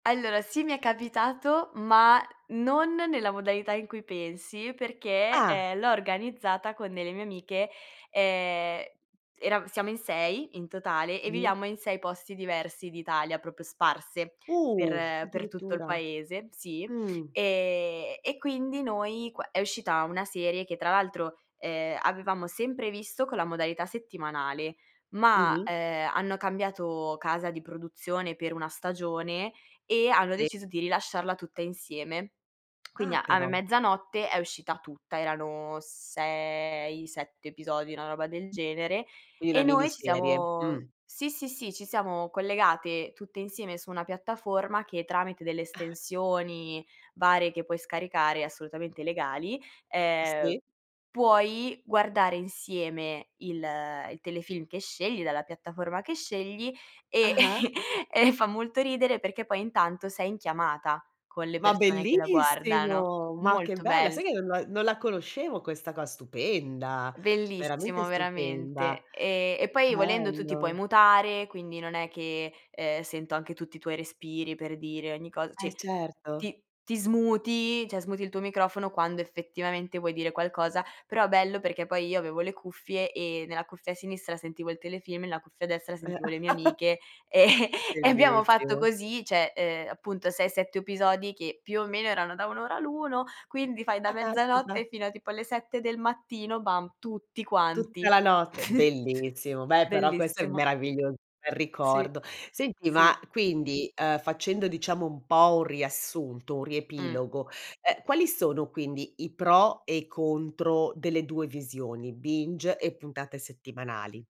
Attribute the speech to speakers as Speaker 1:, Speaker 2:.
Speaker 1: Allora, sì mi è capitato, ma non nella modalità in cui pensi, perché,
Speaker 2: Ah.
Speaker 1: eh, l'ho organizzata con delle mie amiche, ehm, erav siamo in 6 in totale e
Speaker 2: Mh.
Speaker 1: viviamo in 6 posti diversi d'Italia, proprio sparse
Speaker 2: Uh,
Speaker 1: per per tutto il
Speaker 2: addirittura.
Speaker 1: paese. Sì.
Speaker 2: Mh.
Speaker 1: Ehm, e quindi noi qua è uscita una serie che tra l'altro, ehm, avevamo sempre visto con la modalità settimanale, ma,
Speaker 2: Mh-mh.
Speaker 1: ehm, hanno cambiato casa di produzione per una stagione, e hanno
Speaker 2: Sì.
Speaker 1: deciso di rilasciarla tutta insieme. Quindi
Speaker 2: Ah,
Speaker 1: a me
Speaker 2: però.
Speaker 1: mezzanotte è uscita tutta. Erano 6, 7 episodi, una roba del genere,
Speaker 2: I una
Speaker 1: e noi ci
Speaker 2: miniserie,
Speaker 1: siamo
Speaker 2: mh.
Speaker 1: sì, sì, sì, ci siamo collegate tutte insieme su una piattaforma, che tramite delle
Speaker 2: Ah.
Speaker 1: estensioni varie che puoi scaricare, assolutamente legali, ehm,
Speaker 2: Sì.
Speaker 1: puoi guardare insieme il il telefilm che scegli dalla piattaforma che scegli, e
Speaker 2: Ah-ah.
Speaker 1: e fa molto ridere, perché poi intanto sei in chiamata con le
Speaker 2: Ma
Speaker 1: persone che la guardano.
Speaker 2: bellissimo! Ma che
Speaker 1: Molto
Speaker 2: bella,
Speaker 1: bello.
Speaker 2: sai che non la non la conoscevo questa qua, stupenda. Veramente
Speaker 1: Bellissimo
Speaker 2: stupenda.
Speaker 1: veramente. E e poi volendo tu ti puoi
Speaker 2: Bello.
Speaker 1: mutare, quindi non è che, ehm, sento anche tutti i tuoi respiri per dire ogni cos
Speaker 2: Eh,
Speaker 1: cioè,
Speaker 2: certo.
Speaker 1: ti ti smuti, cioè smuti il tuo microfono, quando effettivamente vuoi dire qualcosa, però bello perché poi io avevo le cuffie e nella cuffia a sinistra sentivo il telefilm, nella cuffia a destra sentivo le mie amiche, e e abbiamo fatto
Speaker 2: Bellissimo.
Speaker 1: così, cioè ehm, appunto 6, 7 episodi che più o meno erano da 1 ora l'uno, quindi fai da
Speaker 2: Ah, caspita.
Speaker 1: mezzanotte fino a tipo alle 7 del mattino, bam, tutti quanti.
Speaker 2: Tutta la notte, bellissimo. Beh, però questo è
Speaker 1: Bellissimo.
Speaker 2: meraviglio è il
Speaker 1: Sì,
Speaker 2: ricordo. Senti
Speaker 1: sì.
Speaker 2: ma, quindi, facendo diciamo un po' un riassunto, un
Speaker 1: Mh.
Speaker 2: riepilogo, ehm, quali sono quindi i pro e i contro delle 2 visioni, binge e puntate settimanali?